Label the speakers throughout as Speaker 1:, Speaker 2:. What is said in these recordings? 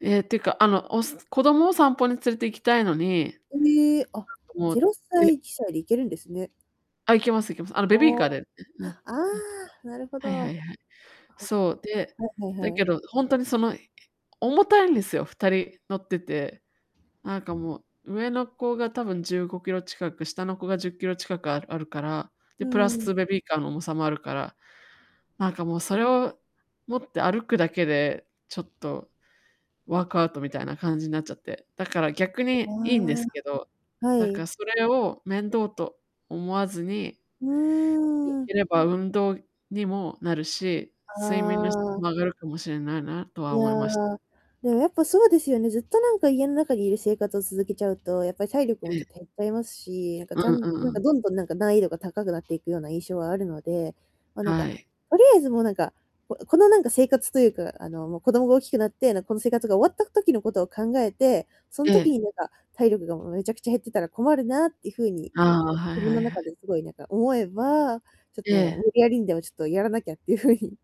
Speaker 1: え、ていうか、あの、おす子供を散歩に連れて行きたいのに、なんか、
Speaker 2: うえ、あ、
Speaker 1: も
Speaker 2: ぜ
Speaker 1: う、
Speaker 2: ろさ
Speaker 1: で
Speaker 2: い、ちさりいけるんですね。
Speaker 1: あ、行きます-行きます。あの、ベビー
Speaker 2: お
Speaker 1: カ
Speaker 2: お。
Speaker 1: ーで、え、うん。
Speaker 2: あ、ああ、なるほど。
Speaker 1: はい。はいは
Speaker 2: あっ、
Speaker 1: いはい。そう、で、
Speaker 2: はいは
Speaker 1: だ
Speaker 2: いは
Speaker 1: け
Speaker 2: い。
Speaker 1: どほんとにそのい結構重たいんですよ、2人乗ってて。なんかもう、上の子が多分15kg近く、下の子が10kg近くああるから、で、
Speaker 2: う
Speaker 1: プラ
Speaker 2: ん。
Speaker 1: スベビーカーの重さもあるから。なんかもうそれを持って歩くだけで、ちょっとワークアウトみたいな感じになっちゃって、だから逆にいいんで
Speaker 2: あ
Speaker 1: すけど、
Speaker 2: あ、は
Speaker 1: だから
Speaker 2: い。
Speaker 1: それを面倒と思わずに
Speaker 2: う
Speaker 1: でき
Speaker 2: ん。
Speaker 1: れば運動にもなるし、睡眠の質
Speaker 2: ああ。
Speaker 1: も上がるかもしれないなとは
Speaker 2: いや、
Speaker 1: 思いまし
Speaker 2: でもやっぱそうですよね、ずっとなんか家の中にいる生活を続けちゃうと、やっぱり体力も
Speaker 1: え
Speaker 2: ちょ
Speaker 1: え。
Speaker 2: っと減っちゃいますし、なんかち
Speaker 1: う
Speaker 2: ゃ
Speaker 1: ん、う
Speaker 2: んと、なん
Speaker 1: う
Speaker 2: か、
Speaker 1: ん。
Speaker 2: どんどんなんか、難易度が高くなっていくような印象はあるので、ま、なんか、
Speaker 1: はい。
Speaker 2: とりあえずもうなんか、ここのなんか生活というかあの、もう子供が大きくなって、なん、この生活が終わった時のことを考えて、そん
Speaker 1: え
Speaker 2: 時
Speaker 1: え。
Speaker 2: になんか、体力がもうめちゃくちゃ減ってたら困るなっていうふうに、
Speaker 1: あ
Speaker 2: な
Speaker 1: あ、
Speaker 2: んか、
Speaker 1: はい
Speaker 2: 自分
Speaker 1: はい
Speaker 2: の
Speaker 1: は
Speaker 2: 中
Speaker 1: い。
Speaker 2: ですごいなんか思えば、ちょっともう
Speaker 1: え
Speaker 2: 無
Speaker 1: え。
Speaker 2: 理やりにでもちょっとやらなきゃっていうふうに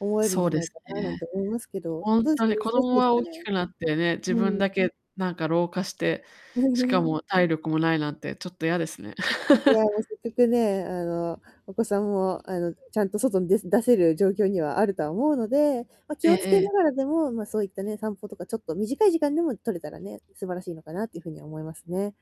Speaker 2: 思えるん
Speaker 1: そ
Speaker 2: じ
Speaker 1: う
Speaker 2: ゃ
Speaker 1: で
Speaker 2: ない
Speaker 1: す
Speaker 2: かななん
Speaker 1: ね。
Speaker 2: て思いますけど、
Speaker 1: ほん
Speaker 2: どうです
Speaker 1: と
Speaker 2: か、
Speaker 1: に子
Speaker 2: 難し
Speaker 1: 供
Speaker 2: いす
Speaker 1: は
Speaker 2: か
Speaker 1: 大
Speaker 2: ね？
Speaker 1: きくなってね、自
Speaker 2: う
Speaker 1: 分だ
Speaker 2: ん。
Speaker 1: けなんか老化して、しか も体力もないなんてちょっと嫌ですね。
Speaker 2: いや、もう折角ね、あの、お子さんもあの、ちゃんと外にでせ出せる状況にはあるとは思うので、ま、気
Speaker 1: ええ
Speaker 2: をつけ
Speaker 1: え
Speaker 2: な
Speaker 1: え。
Speaker 2: がら、でも、ま、そういったね、散歩とかちょっと短い時間でも取れたらね、素晴らしいのかなっていうふうには思いますね。